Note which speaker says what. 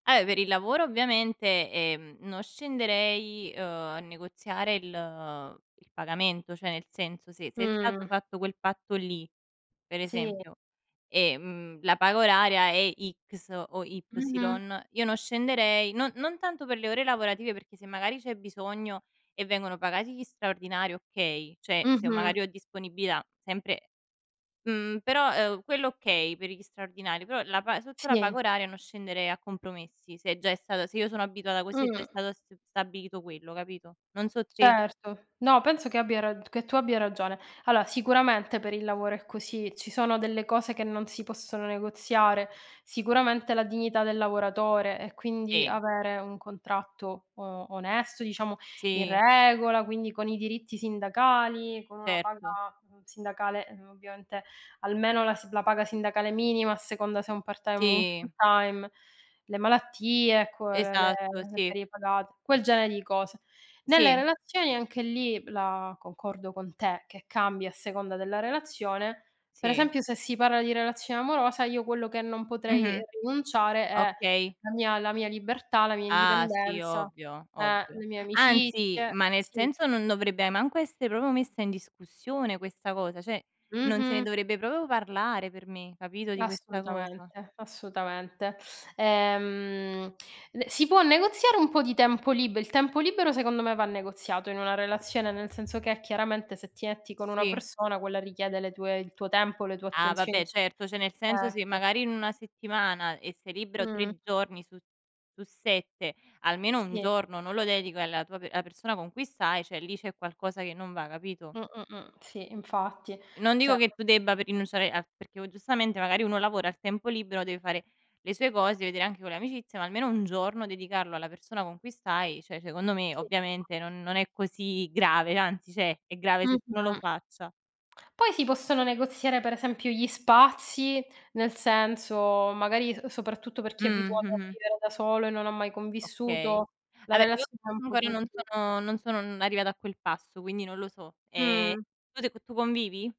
Speaker 1: Eh, per il lavoro ovviamente, ehm, non scenderei, uhm, a negoziare il il pagamento, cioè nel senso, se se è stato
Speaker 2: Mh.
Speaker 1: fatto quel patto lì, per
Speaker 2: Sì.
Speaker 1: esempio, e, mhmm, la paga oraria è X o Y,
Speaker 2: Mh-mh.
Speaker 1: io non scenderei, non non tanto per le ore lavorative, perché se magari c'è bisogno e vengono pagati gli straordinari, okay, cioè se
Speaker 2: Mh-mh.
Speaker 1: magari ho disponibilità sempre mhmm, però, uhm, quello okay, per gli straordinari, però la pa sotto la paga
Speaker 2: Sì.
Speaker 1: oraria non scenderei a compromessi se già è stata se io sono abituata così e già è
Speaker 2: Mh.
Speaker 1: stato st stabilito quello, capito? Non so te.
Speaker 2: Certo. No, penso che abbia rag che tu abbia ragione. Allora, sicuramente per il lavoro è così, ci sono delle cose che non si possono negoziare, sicuramente la dignità del lavoratore e quindi
Speaker 1: Sì.
Speaker 2: avere un contratto o onesto, diciamo, in
Speaker 1: Sì.
Speaker 2: regola, quindi con i diritti sindacali, con una
Speaker 1: Certo.
Speaker 2: paga, mhmm, sindacale, uhm, ovviamente almeno la si la paga sindacale minima a seconda se è un part-time o un
Speaker 1: Sì.
Speaker 2: full-time, le malattie, ecco, le le
Speaker 1: Esatto,
Speaker 2: le
Speaker 1: sì.
Speaker 2: ferie pagate, quel genere di cose. Nelle
Speaker 1: Sì.
Speaker 2: relazioni anche lì la concordo con te che cambia a seconda della relazione, per
Speaker 1: Sì.
Speaker 2: esempio, se si parla di relazione amorosa, io quello che non potrei
Speaker 1: Mh-mh,
Speaker 2: rinunciare è
Speaker 1: okay.
Speaker 2: la mia la mia libertà, la mia
Speaker 1: Ah, sì,
Speaker 2: indipendenza
Speaker 1: ovvio,
Speaker 2: eh,
Speaker 1: ovvio.
Speaker 2: le mie
Speaker 1: Anzi,
Speaker 2: amicizie
Speaker 1: ma nel
Speaker 2: sì.
Speaker 1: senso, non dovrebbe manco essere proprio messa in discussione questa cosa; cioè non se ne
Speaker 2: Mh-mh.
Speaker 1: dovrebbe proprio parlare per me, capito, di questa cosa.
Speaker 2: Assolutamente, assolutamente. Ehm, d si può negoziare un po' di tempo lib il tempo libero secondo me va negoziato in una relazione, nel senso che chiaramente se ti etti con una
Speaker 1: Sì.
Speaker 2: persona, quella richiede le tue il tuo tempo, le tue
Speaker 1: Ah
Speaker 2: attenzioni
Speaker 1: vabbè certo, cioè nel senso se
Speaker 2: ecco.
Speaker 1: magari in una settimana e sei libero
Speaker 2: Mh.
Speaker 1: 3 giorni su su 7, almeno 1
Speaker 2: Sì.
Speaker 1: giorno non lo dedico alla tua pe alla persona con cui stai, cioè lì c'è qualcosa che non va capito?
Speaker 2: Mh, mh, mh, sì, infatti.
Speaker 1: Non
Speaker 2: Cioè
Speaker 1: dico che tu debba p rinunciare a perché o giustamente magari uno lavora, a tempo libero deve fare le sue cose, vedere anche con le amicizie, ma almeno 1 giorno dedicarlo alla persona con cui stai, cioè secondo me
Speaker 2: Sì.
Speaker 1: ovviamente non non è così grave, anzi cioè è grave se tu non lo
Speaker 2: Mh-mh.
Speaker 1: faccia.
Speaker 2: Poi si possono negoziare per esempio gli spazi, nel senso magari, uhm, soprattutto per
Speaker 1: Mh,
Speaker 2: chi è abituato a
Speaker 1: mh-mh.
Speaker 2: vivere da solo e non ha mai
Speaker 1: Okay.
Speaker 2: convissuto, la
Speaker 1: Allora io
Speaker 2: relazione è un po'
Speaker 1: magari non
Speaker 2: tutto.
Speaker 1: sono non sono n arrivata a quel passo, quindi non lo so. Ehm,
Speaker 2: Mh.
Speaker 1: tu se tu convivi?